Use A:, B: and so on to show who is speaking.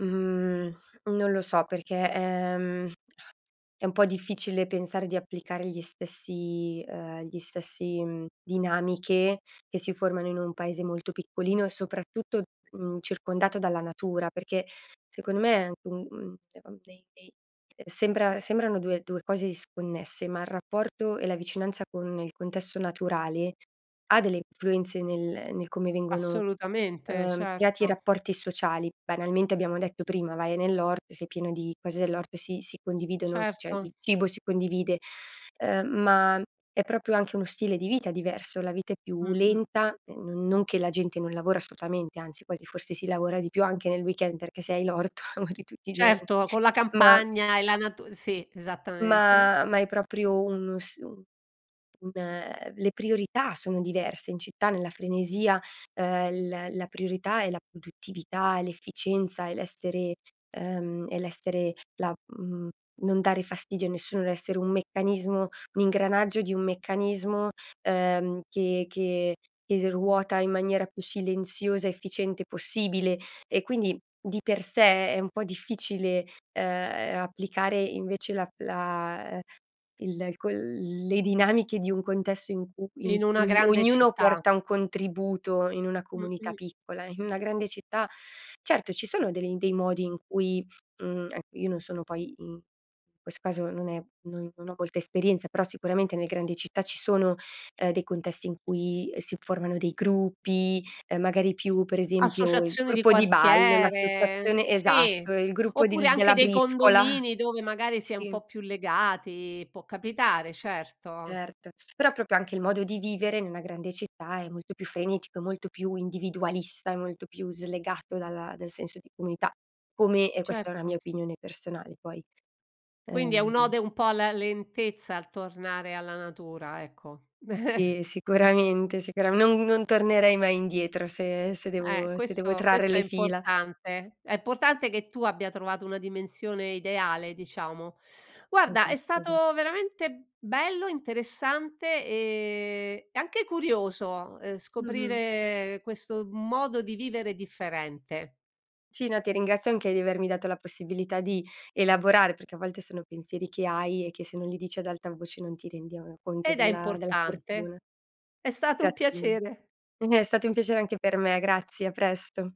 A: Mhmm, non lo so, perché, ehm, è un po' difficile pensare di applicare gli stessi uhm, gli stessi mhmm, dinamiche che si formano in un paese molto piccolino e soprattutto, mhmm, circondato dalla natura. Perché secondo me è anche, mhmm, dei dei sembra sembrano due due cose disconnesse, ma il rapporto e la vicinanza con il contesto naturale ha delle influenze nel nel come vengono,
B: Assolutamente,
A: ehm, creati
B: certo.
A: rapporti sociali. Banalmente abbiamo detto prima vai nell'orto, sei pieno di cose dell'orto e si si condividono, cioè il
B: Certo.
A: cibo si condivide, ehm, ma è proprio anche uno stile di vita diverso, la vita è più
B: Mh-mh.
A: lenta, non-non che la gente non lavora assolutamente, anzi quasi forse si lavora di più, anche nel weekend, perché se hai l'orto lavori tutti i giorni.
B: Certo, con la
A: Ma
B: campagna e la natu sì, esattamente.
A: Ma, ma è proprio un s un le priorità sono diverse in città, nella frenesia, ehm, la la priorità è la produttività, è l'efficienza è l'essere, ehm, è l'essere la mhmm, non dare fastidio a nessuno, l'essere un meccanismo un ingranaggio di un meccanismo, ehm, che che che ruota in maniera più silenziosa, efficiente possibile e quindi di per sé è un po' difficile e, applicare invece la la il c le dinamiche di un contesto in cui in
B: In una
A: cui
B: grande
A: ognuno
B: città.
A: porta un contributo in una comunità
B: Mh-mh.
A: piccola. In una grande città, certo ci sono del dei modi in cui mhmm, ecco, io non sono poi mhmm, in questo caso non è, non non ho molta esperienza, però sicuramente nelle grandi città, ci sono, ehm, dei contesti in cui si formano dei gruppi, ehm, magari più per esempio, il
B: Associazione di
A: gruppo di ballo,
B: quartiere
A: l'associazione
B: sì,
A: esatto, il gruppo
B: oppure
A: di
B: anche
A: della
B: dei
A: briscola.
B: condomini dove magari si è un
A: Sì.
B: po' più legati, può capitare, certo.
A: Certo. Però proprio anche il modo di vivere, in una grande città è molto più frenetico, è molto più individualista, è molto più slegato dalla dal senso di comunità. Come, e questa è una mia
B: Certo.
A: opinione personale poi,
B: Quindi è
A: ehm
B: un'ode un po' alla lentezza, al tornare alla natura, ecco.
A: Sì, sicuramente, sicuramen non non tornerei mai indietro se se
B: Eh,
A: devo se devo
B: questo
A: trarre
B: questo
A: le
B: è
A: fila.
B: importante, è importante che tu abbia trovato una dimensione ideale, diciamo. Guarda è
A: Esatto, esat
B: stato veramente bello, interessante, ehm, e anche curioso
A: Mh-mh.
B: scoprire questo modo di vivere differente.
A: Sì, no, ti ringrazio anche di avermi dato la possibilità di elaborare, perché a volte sono pensieri che hai, e che se non li dici ad alta voce non ti rendi conto, uhm,
B: Ed è
A: della della
B: importante.
A: fortuna.
B: È stato un
A: Grazie mille.
B: piacere.
A: È stato un piacere anche per me. Grazie, a presto.